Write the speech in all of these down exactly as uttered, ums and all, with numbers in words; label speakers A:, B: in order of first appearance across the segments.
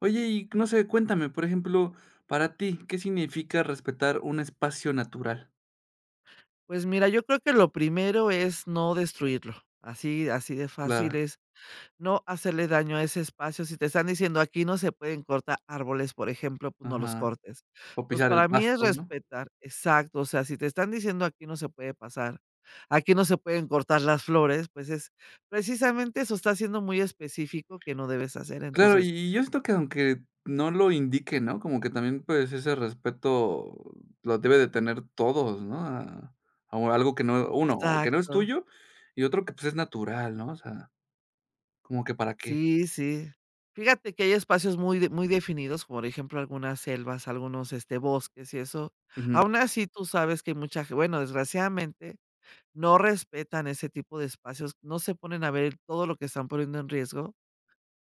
A: Oye, y no sé, cuéntame, por ejemplo, para ti, ¿qué significa respetar un espacio natural?
B: Pues mira, yo creo que lo primero es no destruirlo, así así de fácil
A: Claro.
B: es, no hacerle daño a ese espacio, si te están diciendo: "Aquí no se pueden cortar árboles", por ejemplo, pues, no los
A: Ajá.
B: cortes.
A: O
B: Entonces,
A: pisar el
B: para mí es
A: pasto, ¿no?
B: respetar, exacto, o sea, si te están diciendo: "Aquí no se puede pasar, aquí no se pueden cortar las flores", pues, es precisamente eso está siendo muy específico que no debes hacer,
A: Claro, y
B: entonces
A: y, yo esto que aunque no lo indique, ¿no? Como que también, pues, ese respeto lo debe de tener todos, ¿no? A a algo que no, uno, o que no es
B: Exacto.
A: tuyo, y otro que, pues, es natural, ¿no? O sea, ¿como que, para qué?
B: Sí, sí. Fíjate que hay espacios muy muy definidos, por ejemplo, algunas selvas, algunos, este, bosques y eso.
A: Ujú.
B: Aún así, tú sabes que hay mucha, bueno, desgraciadamente, no respetan ese tipo de espacios, no se ponen a ver todo lo que están poniendo en riesgo,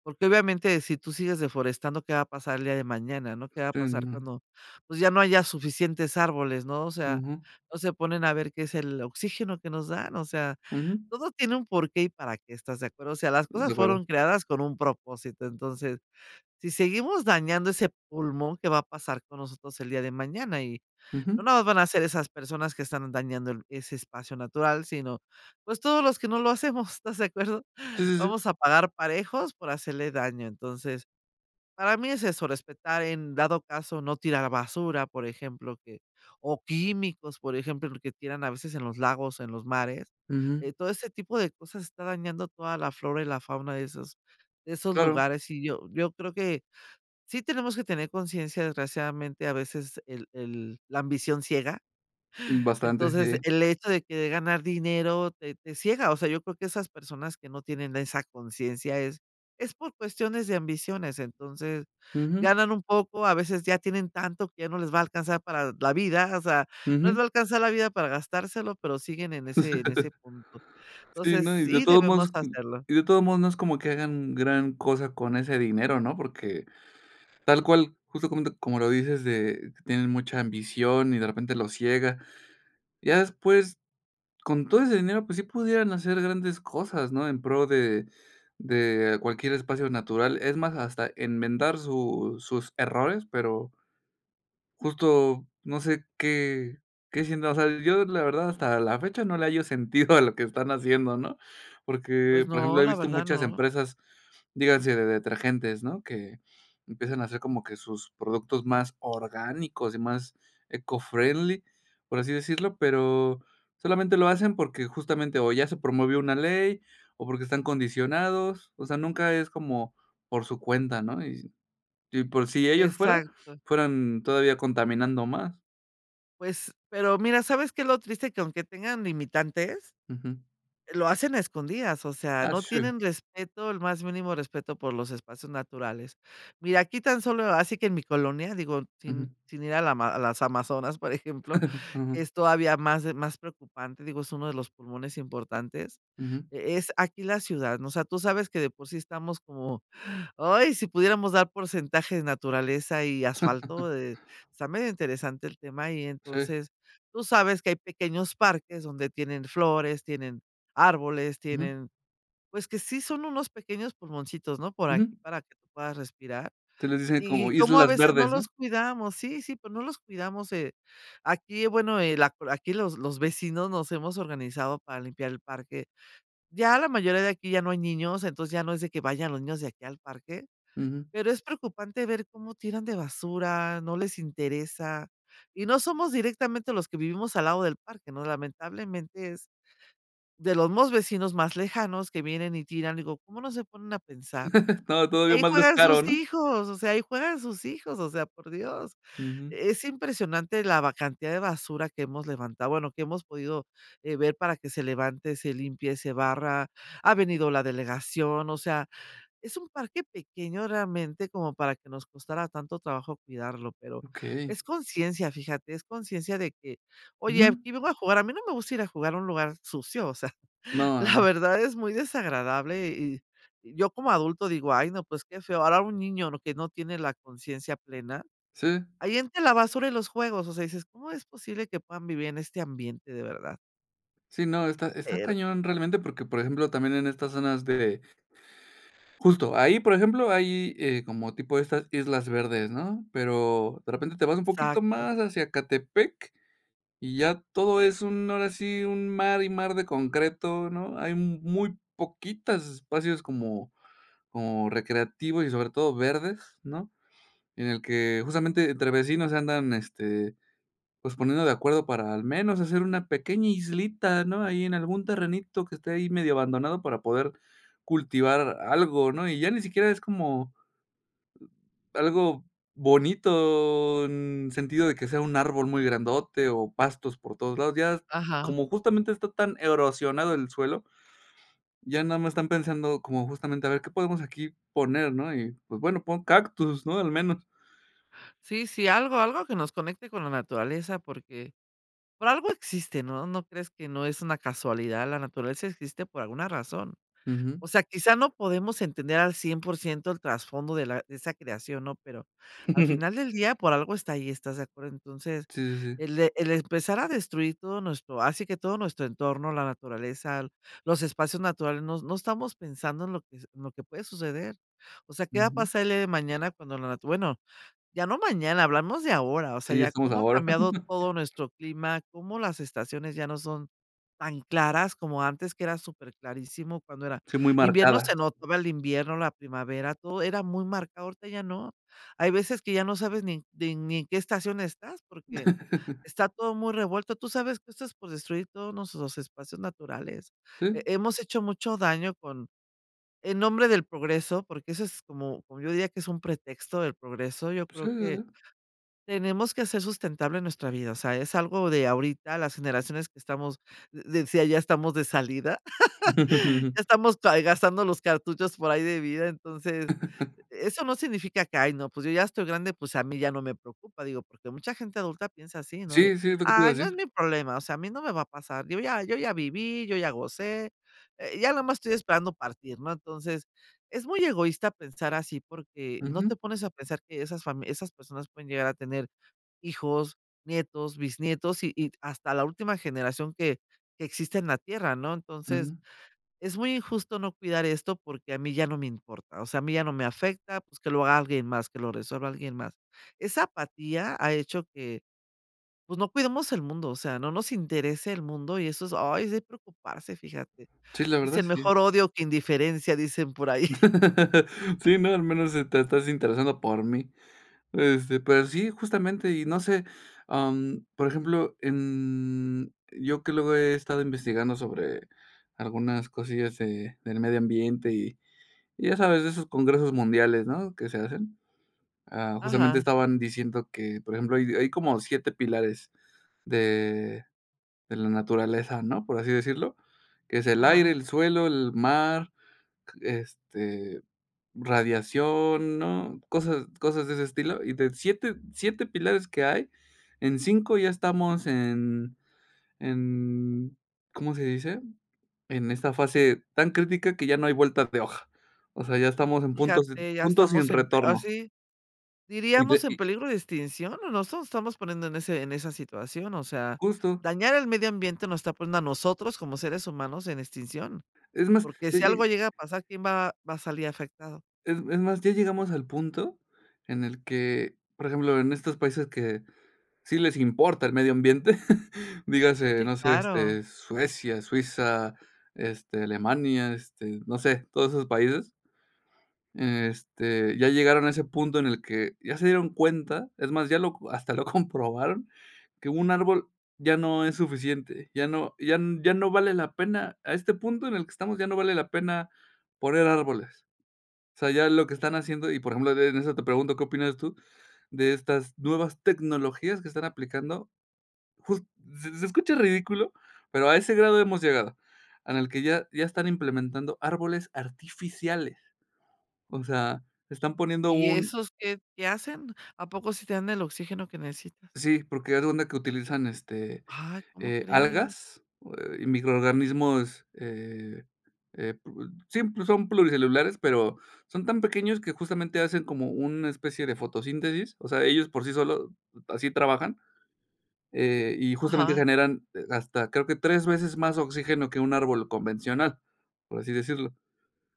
B: porque, obviamente, si tu sigues deforestando, ¿qué va a pasar el día de mañana? ¿no? ¿Qué va a
A: Sí,
B: pasar
A: no.
B: cuando? Pues, ya no haya suficientes árboles, ¿no? O sea,
A: Ujú.
B: no se ponen a ver qué es el oxígeno que nos dan, o sea,
A: Ujú.
B: todo tiene un por qué y para qué, ¿estás de acuerdo? O sea, las
A: De
B: cosas
A: acuerdo.
B: fueron creadas con un propósito. Entonces, si seguimos dañando ese pulmón, ¿qué va a pasar con nosotros el día de mañana? Y, no
A: Ujú.
B: nada más van a ser esas personas que están dañando el ese espacio natural, sino, pues, todos los que no lo hacemos, ¿estás de acuerdo?
A: Sí, si, si.
B: Vamos a pagar parejos por hacerle daño. Entonces, para mí es eso, respetar en dado caso, no tirar basura, por ejemplo, que, o químicos, por ejemplo, porque tiran a veces en los lagos, en los mares,
A: Ujú.
B: eh, todo ese tipo de cosas está dañando toda la flora y la fauna de esos de esos
A: Claro.
B: lugares y yo yo creo que sí tenemos que tener conciencia desgraciadamente a veces el el la ambición ciega.
A: Bastante,
B: Entonces,
A: eh.
B: el hecho de que de ganar dinero te te ciega, o sea, yo creo que esas personas que no tienen esa conciencia es es por cuestiones de ambiciones, entonces
A: Ujú.
B: ganan un poco, a veces ya tienen tanto, que ya no les va a alcanzar para la vida, o sea, no les
A: Ujú.
B: va a alcanzar la vida para gastárselo, pero siguen en ese en ese punto.
A: Sí,
B: Entonces,
A: no, y de
B: sí
A: todos modos
B: debemos hacerlo.
A: y de todos modos no es como que hagan gran cosa con ese dinero, ¿no? Porque, tal cual, justo como como lo dices, de tienen mucha ambición y de repente los ciega. Ya después con todo ese dinero, pues sí, pudieran hacer grandes cosas, ¿no? En pro de de cualquier espacio natural. Es más, hasta enmendar su sus errores, pero justo, no sé, qué qué siento, o sea, yo la verdad hasta la fecha no le hallo sentido a lo que están haciendo, ¿no? Porque,
B: Pues
A: por ejemplo,
B: no,
A: he
B: la
A: visto
B: verdad
A: muchas
B: no.
A: empresas, díganse de detergentes, ¿no? Que empiezan a hacer como que sus productos más orgánicos y más eco friendly, por así decirlo, pero solamente lo hacen, porque justamente o ya se promovió una ley o porque están condicionados, o sea nunca es como por su cuenta, ¿no? Y y por si ellos fueran
B: Exacto.
A: fueran todavía contaminando más.
B: Pues, pero mira, ¿sabes qué es lo triste?, que aunque tengan limitantes,
A: Ujú.
B: lo hacen a escondidas, o sea,
A: Ah,
B: no
A: sí.
B: tienen respeto, el más mínimo respeto por los espacios naturales. Mira, aquí tan solo, así que en mi colonia, digo, sin
A: Ujú.
B: sin ir a la a las Amazonas, por ejemplo,
A: Ujú.
B: es todavía más más preocupante, digo, es uno de los pulmones importantes.
A: Ujú.
B: Eh, es aquí la ciudad, ¿no?, o sea, tú sabes que de por sí estamos como, ¡ay!, si pudiéramos dar porcentaje naturaleza y asfalto, eh, está medio interesante el tema y
A: Sí.
B: entonces, tú sabes que hay pequeños parques donde tienen flores, tienen árboles,
A: Ujú.
B: tienen pues, que sí son unos pequeños pulmoncitos, ¿no?, por aquí
A: Ujú.
B: para que tú puedas respirar,
A: Entonces, les dicen
B: y
A: como
B: y como a
A: Islas
B: veces, no
A: Verdes, ¿no?
B: los cuidamos. Sí, sí, pues, no los cuidamos. Eh, aquí, bueno, el acu aquí los los vecinos nos hemos organizado para limpiar el parque. Ya la mayoría de aquí, ya no hay niños, entonces, ya no es de que vayan los niños de aquí al parque.
A: Ujú.
B: Pero, es preocupante ver cómo tiran de basura, no les interesa, y no somos directamente los que vivimos al lado del parque, ¿no? Lamentablemente, es de los mismos vecinos más lejanos que vienen y tiran, digo: "¿Cómo no se ponen a pensar?,
A: To todavía
B: ahí
A: más
B: juegan
A: descaro,
B: sus
A: ¿no?
B: hijos", o sea, ahí juegan sus hijos, o sea, por Dios.
A: Ujú.
B: Es impresionante la ba cantidad de basura que hemos levantado, bueno, que hemos podido ver para que se levante, se limpie, se barra, ha venido la delegación, o sea, es un parque pequeño realmente, como para que nos costara tanto trabajo cuidarlo, pero
A: ¡Okey!
B: es conciencia, fíjate, es conciencia de que: "Oye,
A: Ujú.
B: aquí vengo a jugar", a mí no me gusta ir a jugar a un lugar sucio, o sea,
A: No,
B: la
A: ha
B: verdad, es muy desagradable, y yo como adulto digo: "Ay no, pues, qué feo", ahora un niño lo que no tiene la conciencia plena,
A: Sí.
B: ahí entre la basura y los juegos, o sea, dices: "¿Cómo es posible que puedan vivir en este ambiente, de verdad?".
A: Sí, no, está está
B: Pero
A: cañón realmente porque, por ejemplo, también en estas zonas de justo, ahí, por ejemplo, hay, eh, como tipo estas Islas Verdes, ¿no?, pero, de repente te vas un poquito
B: Exacto.
A: más hacia Ecatepec, y ya todo es un ahora sí, un mar y mar de concreto, ¿no?, hay mu muy poquitas espacios como como recreativos, y sobre todo verdes, ¿no?, en el que justamente, entre vecinos se andan, este, pues, poniendo de acuerdo para al menos hacer una pequeña islita, ¿no?, ahí en algún terrenito que esté ahí medio abandonado para poder cultivar a algo, ¿no?, y ya ni siquiera es como, algo bonito, mm, en sentido, de que sea un árbol muy grandote, o pastos por todos lados. Ya es m
B: Ajá.
A: como justamente está tan erosionado el suelo, ya nada más están pensando como, justamente, a ver qué podemos aquí poner, ¿no?, y pues, bueno, pon cactus, ¿no?, al menos.
B: Sí, sí, algo algo que nos conecte con la naturaleza porque, por algo existe, ¿no?, no crees que no es una casualidad la naturaleza existe por alguna razón, o
A: Ujú.
B: sea, quizá, no podemos entender al cien por ciento el trasfondo de la de esa creación, ¿no?, pero, al final del día, por algo está ahí, ¿estás de acuerdo? Entonces,
A: Sí, sí, sí.
B: el e el empezar a destruir todo nuestro así, que todo nuestro entorno, la naturaleza, los espacios naturales, no no estamos pensando en lo que se en lo que puede suceder. O sea, ¿qué va a
A: Ujú.
B: pasar el día de mañana cuando la natu-? Bueno, ya no mañana, hablamos de ahora, o sea,
A: Sí,
B: ya
A: estamos
B: cómo ha
A: ahora.
B: cambiado todo nuestro clima, cómo las estaciones ya no son tan claras como antes, que era superclarísimo, cuando era
A: Sí, muy
B: invierno,
A: marcadas.
B: se notaba el invierno, la primavera, todo era muy marcado, ahorita ya no. Hay veces que ya no sabes ni ni ni en qué estación estás, porque está todo muy revuelto, ¿tú sabes que esto es por destruir todos nuestros espacios naturales?
A: Sí.
B: He hemos hecho mucho daño con en nombre del progreso, porque eso es como como, yo diría que es un pretexto del progreso. Yo
A: Pues, sí,
B: creo que,
A: sí.
B: tenemos que hacer sustentable nuestra vida, o sea, es algo de ahorita las generaciones que estamos, de decía, ya estamos de salida, estamos tu hay gastando los cartuchos por ahí de vida. Entonces, eso no significa que: "Ay, no, pues yo ya estoy grande, pues, a mí ya no me preocupa", digo, porque mucha gente adulta piensa así, ¿no?, de:
A: Sí, sí, es lo que te iba
B: "Ay,
A: a
B: no es
A: decir.
B: mi problema", o sea, a mí no me va a pasar, digo ya, yo ya viví, yo ya gocé, eh, ya nomás estoy esperando partir, ¿no? Entonces, es muy egoísta pensar así porque no te
A: Ujú.
B: pones a pensar que esas fami esas personas pueden llegar a tener hijos, nietos, bisnietos, y y hasta la última generación que que existe en la tierra, ¿no? Entonces,
A: Ujú.
B: es muy injusto no cuidar esto porque a mí ya no me importa, o sea, a mí ya no me afecta, pues, que lo haga alguien más, que lo resuelva alguien más. Esa apatía ha hecho que, pues, no cuidemos el mundo, o sea, no nos interese el mundo y eso es, ay, es de preocuparse, fíjate.
A: Sí, la verdad,
B: Dicen:
A: sí.
B: "Mejor odio que indiferencia", dicen por ahí.
A: Sí, no, al menos, sí te estás interesando por mí. Este, pero sí, justamente y no sé, am, por ejemplo, em, yo que luego he estado investigando sobre algunas cosillas de del medio ambiente y y ya sabes, de esos congresos mundiales, ¿no?, que se hacen. Ah, justamente
B: Ajá.
A: estaban diciendo que, por ejemplo, hay hay como siete pilares de de la naturaleza, ¿no?, por así decirlo, que es el aire,
B: Ajá.
A: el suelo, el mar, q este, radiación, ¿no?, cosas cosas de ese estilo, y de siete, siete pilares que hay, en cinco ya estamos en en, ¿cómo se dice?, en esta fase tan crítica, que ya no hay vueltas de hoja. O sea, ya estamos en puntos
B: Fíjate, ya
A: punto sin
B: estamos en p
A: retorno.
B: así, diríamos en
A: [unintelligible]
B: peligro de extinción o nos nos estamos poniendo en ese en esa situación, o sea,
A: Justo.
B: dañar el medio ambiente nos está poniendo a nosotros como seres humanos en extinción,
A: Es más,
B: porque
A: eh,
B: si
A: eh
B: algo llega a pasar, ¿quién va va a salir afectado?
A: Es es más, ya llegamos al punto en el que, por ejemplo, en estos países que sí les importa el medio ambiente, dígase,
B: Sí,
A: no sé,
B: claro.
A: este, Suecia, Suiza, este, Alemania, este, no sé, todos esos países. Este, ya llegaron a ese punto en el que, ya se dieron cuenta, es más, ya lo co hasta lo comprobaron, que un árbol ya no es suficiente, ya no ya ya no vale la pena, a este punto en el que estamos, ya no vale la pena poner árboles. O sea, ya lo que están haciendo, y por ejemplo, en en eso te pregunto, ¿qué opinas tú de estas nuevas tecnologías que están aplicando?, jus se se escucha ridículo, pero a ese grado hemos llegado. En el que ya ya están implementando árboles artificiales. O sea, están poniendo
B: ¿Y
A: un
B: esos qué qué hacen? ¿A poco si te dan el oxígeno que necesitas?
A: Sí, porque haz de cuenta que utilizan, este,
B: Ay, ¿cómo
A: eh,
B: crees?
A: algas ,o eh, y microorganismos, eh, eh, pue sí, pues, son pluricelulares, pero, son tan pequeños que justamente, hacen como una especie de fotosíntesis, o sea, ellos por sí solo, así trabajan, eh, y justamente
B: Ajá.
A: generan, eh, hasta creo que tres veces más oxígeno que un árbol convencional, por así decirlo.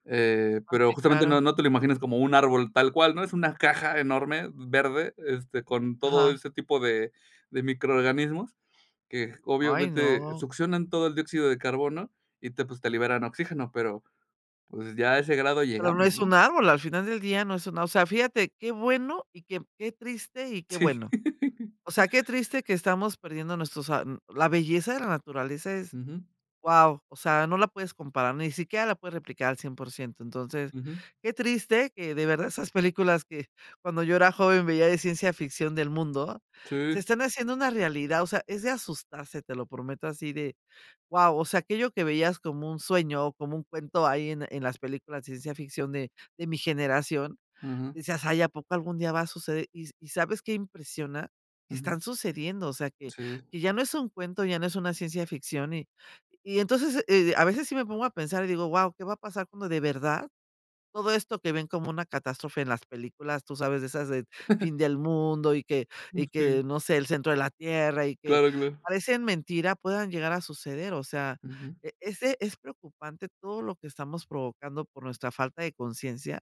A: Eh,
B: Ah,
A: pero,
B: sí
A: justamente,
B: claro.
A: no no te lo imaginas como un árbol tal cual, ¿no?, es una caja enorme, verde, este, con todo
B: Ajá.
A: ese tipo de de microorganismos, que
B: ¡Ay,
A: obviamente
B: no!
A: succionan todo el dióxido de carbono y te pues, te liberan oxígeno. Pero, pues, ya a ese grado
B: Pero
A: llegamos,
B: no es
A: ¿no?
B: un árbol, al final del día, no es una o sea, fíjate, qué bueno y qué qué triste y qué
A: Sí.
B: bueno. O sea, qué triste que estamos perdiendo nuestros ar mm, la belleza de la naturaleza es,
A: Ujú.
B: ¡guau!, o sea, no la puedes comparar, ni siquiera la puedes replicar al cien por ciento. Entonces,
A: Ujú.
B: qué triste que de verdad esas películas que, cuando yo era joven veía de ciencia ficción del mundo, se
A: Sí.
B: están haciendo una realidad, o sea, es de asustarse, te lo prometo así de, ¡guau!, o sea, aquello que veías como un sueño o como un cuento ahí en en las películas de ciencia ficción de de mi generación,
A: Ujú.
B: decías: "Ay, a poco algún día va a suceder", y y, ¿sabes qué impresiona?, que
A: Ujú.
B: están sucediendo. O sea, que
A: Sí.
B: que ya no es un cuento, ya no es una ciencia ficción y y entonces, eh, a veces sí me pongo a pensar y digo: "¡Guau!, ¿qué va a pasar cuando de verdad, todo esto que ven como una catástrofe en las películas?", tú sabes de esas de fin del mundo, y que
A: Uh,
B: y
A: sí.
B: que no sé, el centro de la tierra, y que
A: Claro, claro.
B: parecen mentira puedan llegar a suceder, o sea,
A: Ujú.
B: e ese es preocupante todo lo que estamos provocando por nuestra falta de consciencia.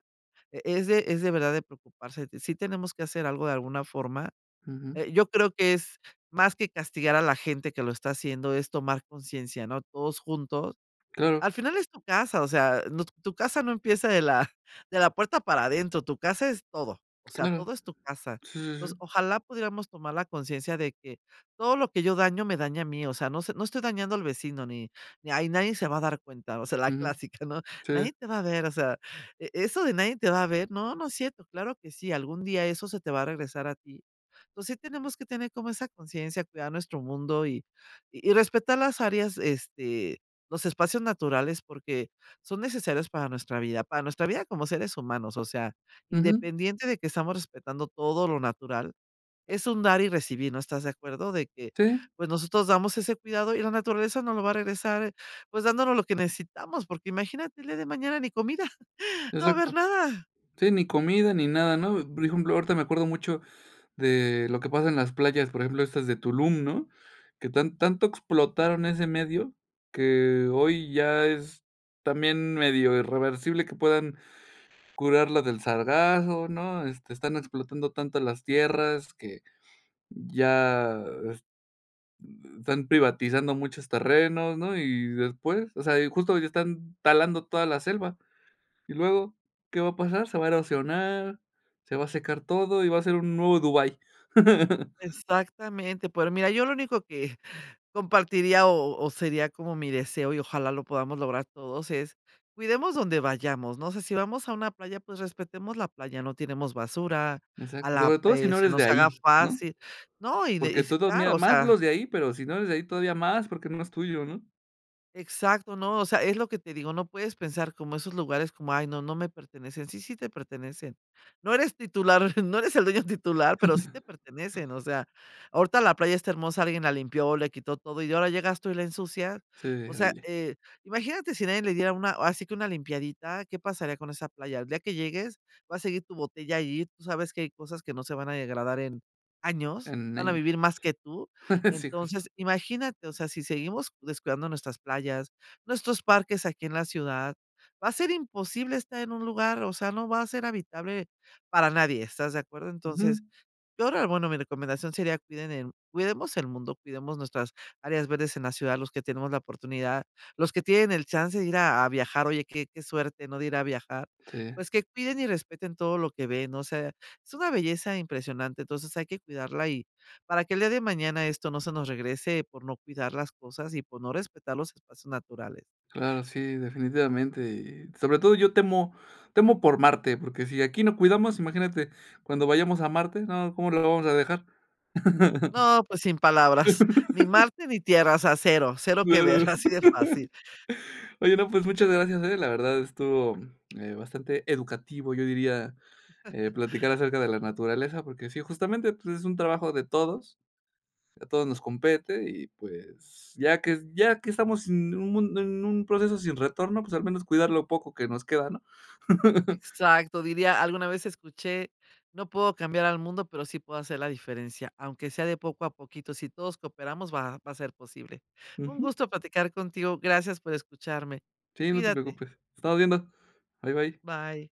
B: E es de es de verdad, de preocuparse. Sí tenemos que hacer algo, de alguna forma.
A: Ujú.
B: Eh, yo creo que es más que castigar a la gente que lo está haciendo, es tomar consciencia, ¿no?, todos juntos.
A: Claro.
B: Al final es tu casa, o sea, no tu casa no empieza de la de la puerta para adentro, tu casa es todo, o sea,
A: Claro.
B: todo es tu casa.
A: Sí, sí,
B: Entonces,
A: sí.
B: ojalá pudiéramos tomar la conciencia de que, todo lo que yo daño me daña a mí, o sea, no sé, no estoy dañando al vecino ni ni ahí nadie se va a dar cuenta, o sea, la
A: Ujú.
B: clásica, ¿no?,
A: Sí.
B: nadie te va a ver, o sea, e eso de nadie te va a ver. No, no es cierto, claro que sí, algún día eso se te va a regresar a ti. Entonces, sí tenemos que tener como esa conciencia, cuidar nuestro mundo y y respetar las áreas, este, los espacios naturales porque son necesarios para nuestra vida, para nuestra vida como seres humanos, o sea,
A: Ujú.
B: independiente, de que estamos respetando todo lo natural, es un dar y recibir, ¿no, estás de acuerdo?, de que,
A: Sí.
B: pues, nosotros damos ese cuidado y la naturaleza nos lo va a regresar, pues, dándonos lo que necesitamos, porque imagínate el día de mañana ni comida.
A: Se
B: No va a haber
A: sepa,
B: nada.
A: sí, ni comida ni nada, ¿no? Por ejemplo, ahorita me acuerdo mucho de lo que pasa en las playas, por ejemplo, estas de Tulum, ¿no?, que tan tanto explotaron ese medio, que hoy ya es también, medio irreversible que puedan curarla del sargazo, ¿no?, este, están explotando tanto las tierras que, ya es uh, están privatizando muchos terrenos, ¿no?, y después, o sea, y justo ya están talando toda la selva. Y luego, ¿qué va a pasar?, se va a erosionar, se va a secar todo, y va a ser un nuevo Dubái.
B: Exactamente, pero mira, yo lo único que compartiría o o sería como mi deseo y ojalá lo podamos lograr todos es, cuidemos donde vayamos, no sé, si vamos a una playa, pues, respetemos la playa, no tiremos basura, a
A: Exacto.
B: la
A: Sobre todo si
B: eh,
A: no
B: se
A: eres de
B: nos
A: ahí,
B: haga
A: ¿no?,
B: fácil, ¿no?, y de y
A: porque todo
B: claro,
A: mira
B: o
A: más
B: sea
A: los de ahí, pero, si no eres de ahí todavía más, porque no es tuyo, ¿no?
B: Exacto, ¿no?, o sea, es lo que te digo, no puedes pensar como esos lugares como: "Ay no, no me pertenecen", sí, sí te pertenecen. No eres titular, no eres el dueño titular, pero sí te pertenecen, o sea, ahorita la playa está hermosa, alguien la limpió, le quitó todo y ahora llegaste y la ensucia,
A: Si,
B: o sea,
A: oye.
B: eh, imagínate si nadie le diera una así que una limpiadita, ¿qué pasaría con esa playa?, el día que llegues, va a seguir tu botella ahí, tú sabes que hay cosas que no se van a degradar en años, van a
A: Anaya,
B: vivir más que tú.
A: sí, justo
B: Entonces, imagínate, o sea, si seguimos descuidando nuestras playas, nuestros parques aquí en la ciudad, va a ser imposible estar en un lugar, o sea, no va a ser habitable para nadie, ¿estás de acuerdo?, entonces,
A: Ujú.
B: yo rea bueno, mi recomendación sería cuiden en cuidemos el mundo, cuidemos nuestras áreas verdes en la ciudad, los que tenemos la oportunidad, los que tienen el chance de ir a a viajar, oye, qué qué suerte, ¿no?, de ir a viajar,
A: Sí.
B: pues, que cuiden y respeten todo lo que ven, o sea, es una belleza impresionante, entonces, hay que cuidarla y para que el día de mañana esto no se nos regrese, por no cuidar las cosas y por no respetar los espacios naturales.
A: Claro, sí, definitivamente, y sobre todo yo temo temo por Marte, porque si aquí no cuidamos, imagínate cuando vayamos a Marte, no, ¿cómo la vamos a dejar?,
B: No, pues sin palabras, ni Marte ni Tierra, o sea, cero, cero que
A: claro.
B: ver, así de fácil.
A: Oye, no, pues muchas gracias, la verdad estuvo, eh, bastante educativo, yo diría, eh, platicar acerca de la naturaleza, porque sí, justamente, pues, es un trabajo de todos, a todos nos compete, y pues, ya que ya que estamos en un en un proceso sin retorno, pues, al menos cuidar lo poco que nos queda, ¿no?
B: Exacto, diría, alguna vez escuché: "No puedo cambiar al mundo, pero sí puedo hacer la diferencia, aunque sea de poco a poquito, si todos cooperamos va va a ser posible". Un
A: Ujú.
B: gusto platicar contigo, gracias por escucharme.
A: Sí, no te
B: Cuídate.
A: preocupes. Estamos viendo. Bye, bye.
B: Bye.